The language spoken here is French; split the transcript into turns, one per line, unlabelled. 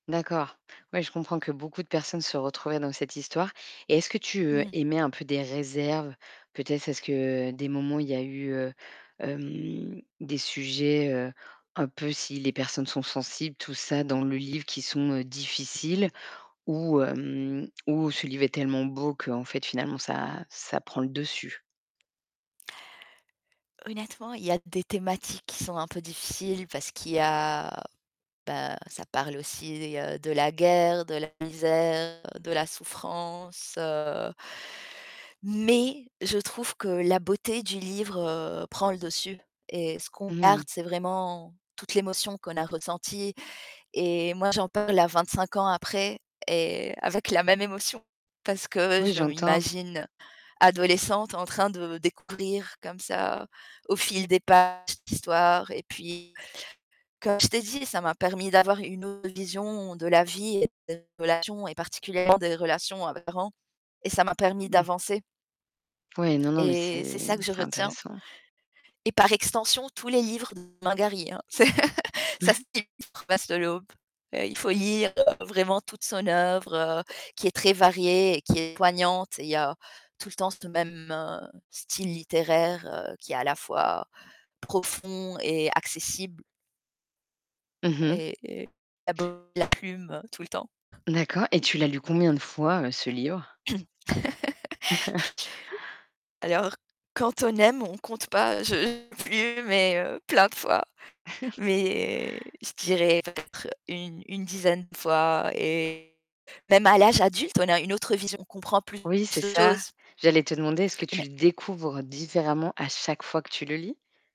D'accord. Oui, je comprends que beaucoup de personnes se retrouvaient dans cette histoire et est-ce que tu
Mmh.
émets un peu des réserves? Peut-être est-ce que des moments il y a eu, heu, hem, des sujets, heu, un peu si les personnes sont sensibles, tout ça, dans le livre, qui sont, heu, difficiles ou, hem, ou ce livre est tellement beau qu'en fait, finalement, ça ça prend le dessus?
Honnêtement, il y a des thématiques qui sont un peu difficiles parce qu'il y a bah, ça parle aussi, heu, de la guerre, de la misère, de la souffrance, heu mais je trouve que la beauté du livre, heu, prend le dessus et ce qu'on
Mmh
garde,
mh.
c'est vraiment toute l'émotion qu'on a ressentie et moi, j'en parle à 25 ans après et avec la même émotion parce que
Oui,
je
j'entends.
m'imagine adolescente en train de découvrir, comme ça, au fil des pages, l'histoire et puis, comme je t'ai dit, ça m'a permis d'avoir une autre vision de la vie et des relations et particulièrement des relations à mes parents et ça m'a permis
Mmh.
d'avancer.
Oui, non, non, mais
Et c'est
c'est
ça que je
c'est
retiens
intéressant.
et par extension, tous les livres de Romain Gary, hein, c'est ça [unintelligible] Promesse de l'Aube. Bah, il faut lire, heu, vraiment toute son œuvre, heu, qui est très variée et qui est poignante et il y a tout le temps ce même, heu, style littéraire, heu, qui est à la fois profond et accessible
Mmh mh.
et et la [unintelligible] la plume tout le temps.
D'accord. Et tu l'as lu combien de fois, heu, ce livre?
Alors quand on aime, on compte pas, je [unintelligible] mais, heu, plein de fois, mais je dirais peut-être une une dizaine fois et même à l'âge adulte, on a une autre vision, on comprend plus
Oui, c'est
de
ça.
choses.
J'allais te demander, est-ce que
Je et
tu
mais
le découvres différemment à chaque fois que tu le lis?